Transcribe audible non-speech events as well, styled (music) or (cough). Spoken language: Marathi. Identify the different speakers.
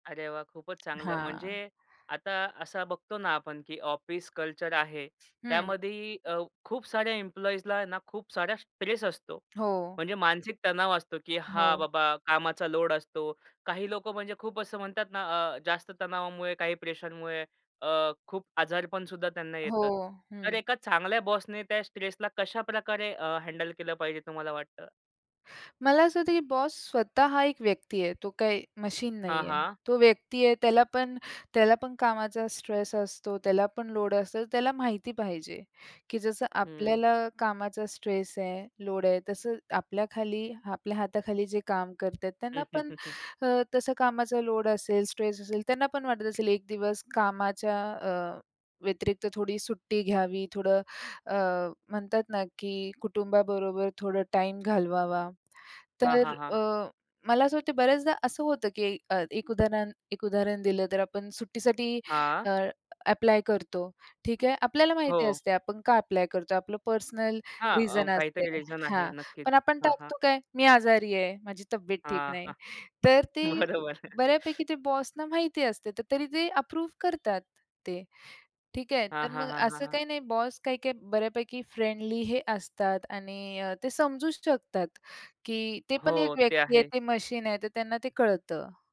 Speaker 1: अरे वाह! खूपच चांगलं
Speaker 2: हां.
Speaker 1: म्हणजे आता असा बघतो ना, आपण की ऑफिस कल्चर आहे.
Speaker 2: हं.
Speaker 1: त्यामध्ये अ, खूप साऱ्या एम्प्लॉइजला आहे ना, खूप साऱ्या स्ट्रेस असतो.
Speaker 2: हो.
Speaker 1: म्हणजे मानसिक तणाव असतो. की हा
Speaker 2: हो.
Speaker 1: बाबा कामाचा लोड असतो. काही लोकं म्हणजे खूप असं म्हणतात ना, अ, जास्त तणावामुळे, काही प्रेशरमुळे अ, खूप आजारपणसुद्धा त्यांना
Speaker 2: हो,
Speaker 1: येतं. तर
Speaker 2: हं.
Speaker 1: एका चांगल्या बॉसने त्या स्ट्रेसला कशाप्रकारे अ, हँडल केलं पाहिजे, तुम्हाला वाटतं?
Speaker 2: मला असं होत, की बॉस स्वतः हा एक व्यक्ती आहे. तो काही मशीन
Speaker 1: हां,
Speaker 2: नाही आहे.
Speaker 1: हां.
Speaker 2: तो व्यक्ती आहे, त्याला पण त्याला पण कामाचा स्ट्रेस असतो. त्याला पण लोड असलं, त्याला माहिती पाहिजे, की जसं
Speaker 1: हं.
Speaker 2: आपल्याला कामाचा स्ट्रेस आहे, लोड आहे, तसं आपल्याखाली आपल्या हाताखाली जे काम करतात, त्यांना पण
Speaker 1: (chuckles)
Speaker 2: अ, तसं कामाचा लोड असेल, स्ट्रेस असेल, त्यांना पण वाटत असेल, 1 दिवस कामाच्या अ, व्यतिरिक्त थोडी सुट्टी घ्यावी. थोडं अ, म्हणतात ना, की कुटुंबाबरोबर थोडं टाईम घालवावा.
Speaker 1: हां,
Speaker 2: तर
Speaker 1: हां,
Speaker 2: अ,
Speaker 1: हां.
Speaker 2: मला असं वाटतं बऱ्याचदा असं होतं, की एक अ, उदाहरण एक उदाहरण दिलं, तर आपण सुट्टीसाठी अ,
Speaker 1: हां.
Speaker 2: ॲप्लाय करतो. ठीक आहे. आपल्याला माहिती
Speaker 1: हो.
Speaker 2: असते, आपण का ॲप्लाय करतो? आपलं पर्सनल
Speaker 1: हां, अ,
Speaker 2: रिझन असते.
Speaker 1: काहीतरी रिझन आहे
Speaker 2: हां,
Speaker 1: नक्कीच.
Speaker 2: पण आपण
Speaker 1: हां, हां.
Speaker 2: टाकतो काय? मी आजारी आहे, माझी तब्येत ठीक
Speaker 1: हां,
Speaker 2: नाही.
Speaker 1: हां.
Speaker 2: तर ते
Speaker 1: बरोबर.
Speaker 2: बऱ्यापैकी ते बॉस ना माहिती असते, तरी ते अप्रूव्ह करतात ते, ठीक आहे.
Speaker 1: हां,
Speaker 2: तर
Speaker 1: हां,
Speaker 2: मग
Speaker 1: हां, हां,
Speaker 2: असं
Speaker 1: हां.
Speaker 2: काही नाही, बॉस काही-काही बऱ्यापैकी फ्रेंडली हे असतात आणि ते समजूच शकतात, की ते पण एक
Speaker 1: हो, ते
Speaker 2: व्यक्ती आहे.
Speaker 1: आहे.
Speaker 2: ते मशीन आहे, तर त्यांना ते कळतं.